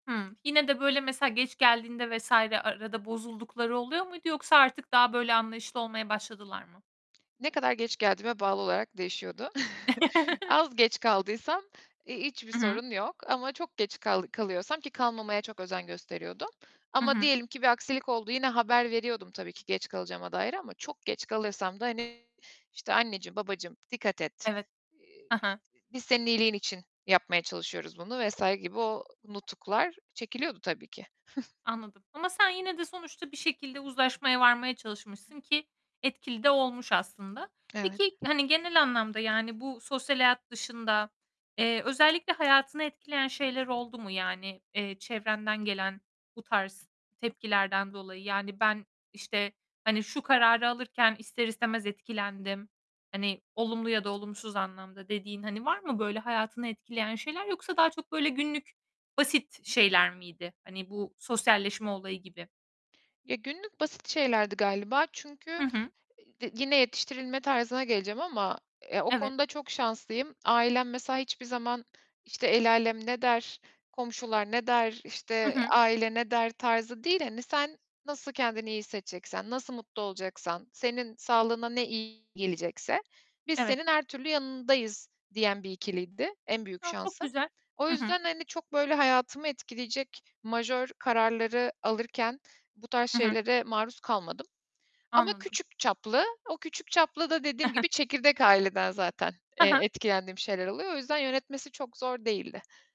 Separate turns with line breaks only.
Hımm. Yine de, böyle, mesela geç geldiğinde vs. arada bozuldukları oluyor muydu yoksa artık daha, böyle, anlayışlı olmaya başladılar mı?
Ne kadar geç geldiğime bağlı olarak değişiyordu. Az geç kaldıysam i hiçbir
I hı.
sorun yok ama çok geç kal kalıyorsam ki kalmamaya çok özen gösteriyordum.
Hı
Ama
hı.
diyelim ki bir aksilik oldu, yine haber veriyordum, tabii ki geç kalacağıma dair ama çok geç kalırsam da, hani işte, "Anneciğim, babacığım dikkat et,
Evet.
eee,
He he.
işte, biz senin iyiliğin için yapmaya çalışıyoruz bunu." vs. gibi o nutuklar çekiliyordu, tabii ki.
Anladım ama sen yine de sonuçta bir şekilde uzlaşmaya varmaya çalışmışsın ki etkili de olmuş aslında.
Evet.
Peki, hani genel anlamda yani bu sosyal hayat dışında, eee, özellikle hayatını etkileyen şeyler oldu mu? Yani, eee, çevrenden gelen bu tarz tepkilerden dolayı? Yani, "Ben, işte, hani şu kararı alırken ister istemez etkilendim." Hani olumlu ya da olumsuz anlamda, dediğin. Hani var mı, böyle hayatını etkileyen şeyler yoksa daha çok, böyle, günlük, basit şeyler miydi, hani bu sosyalleşme olayı gibi?
Ya, günlük basit şeylerdi galiba çünkü
Hı hı.
e d yine yetiştirilme tarzına geleceğim ama ya o
Evet.
konuda çok şanslıyım. Ailem mesela hiçbir zaman, işte, "El âlem ne der, komşular ne der,
Hı
işte
hı.
aile ne der?" tarzı değil. Hani, "Sen nasıl kendini iyi hissedeceksen, nasıl mutlu olacaksan, senin sağlığına ne iyi gelecekse biz
Evet.
senin her türlü yanındayız." diyen bir ikiliydi, en büyük
A, çok
şansım.
güzel!
O
Hı hı.
yüzden, hani çok, böyle, hayatımı etkileyecek majör kararları alırken bu tarz
Hı hı.
şeylere maruz kalmadım ama
Anladım.
küçük çaplı, o küçük çaplı da dediğim gibi çekirdek aileden zaten,
Ha
eee,
ha.
etkilendiğim şeyler oluyor. O yüzden yönetmesi çok zor değildi.